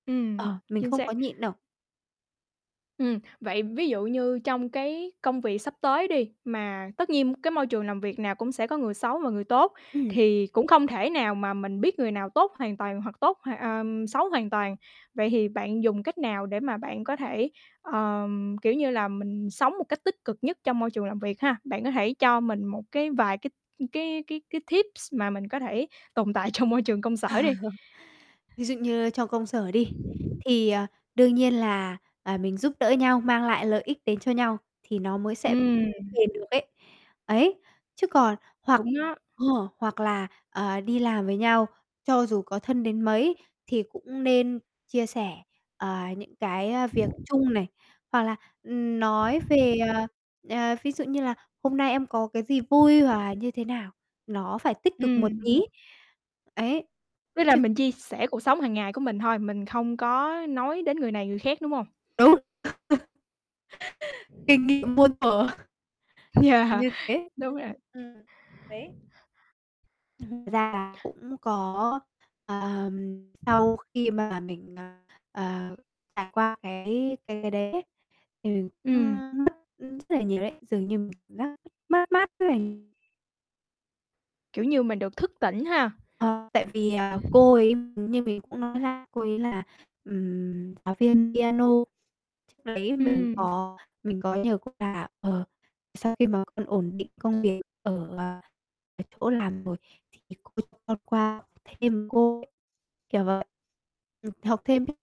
Ừm, Ờ, mình chính không xác. có nhịn đâu. Ừm, vậy ví dụ như trong cái công việc sắp tới đi, mà tất nhiên cái môi trường làm việc nào cũng sẽ có người xấu và người tốt Ừm. thì cũng không thể nào mà mình biết người nào tốt hoàn toàn hoặc tốt, hoặc ờm, xấu hoàn toàn. Vậy thì bạn dùng cách nào để mà bạn có thể, ờm, kiểu như là, mình sống một cách tích cực nhất trong môi trường làm việc ha? Bạn có thể cho mình một cái vài cái cái cái cái tips mà mình có thể tồn tại trong môi trường công sở đi. Ví dụ như trong công sở đi, thì, ờ, đương nhiên là, à, mình giúp đỡ nhau, mang lại lợi ích đến cho nhau thì nó mới sẽ [unintelligible] Ừm. phiền được ấy. Ấy, chứ còn hoặc Đúng á. ờ, hoặc là, ờ, đi làm với nhau, cho dù có thân đến mấy thì cũng nên chia sẻ, ờ, những cái, ơ, việc chung này, hoặc là, ừm, nói về, à, ờ, ví dụ như là "hôm nay em có cái gì vui" hoặc là như thế nào, nó phải tích cực một Ừm. tý, ấy, Với lại chứ mình chia sẻ cuộc sống hằng ngày của mình thôi, mình không có nói đến người này, người khác, đúng hông? Đúng. [unintelligible] Kinh nghiệm muôn thuở. À, Yeah, như thế, đúng rồi. ừm, đấy. Thật ra là cũng có, ờm, sau khi mà mình, ờ, ờ, trải qua cái cái cái đấy ấy, thì mình cũng, Ừm. ưm, mất rất là nhiều đấy, dường như mình cảm giác [unintelligible] mất mát rất là Kiểu như, mình được thức tỉnh ha. Ờ, tại vì, ờ, cô ấy [unintelligible] như mình cũng nói là, cô ấy là, ừm, giáo viên piano, trước đấy mình Ừm. có mình có nhờ cô là, ờ: "Sau khi mà con ổn định công việc ở, à, ở chỗ làm rồi, thì cô cho con qua học thêm cô", [unintelligible] kiểu vậy. Ừm, học thêm ấy.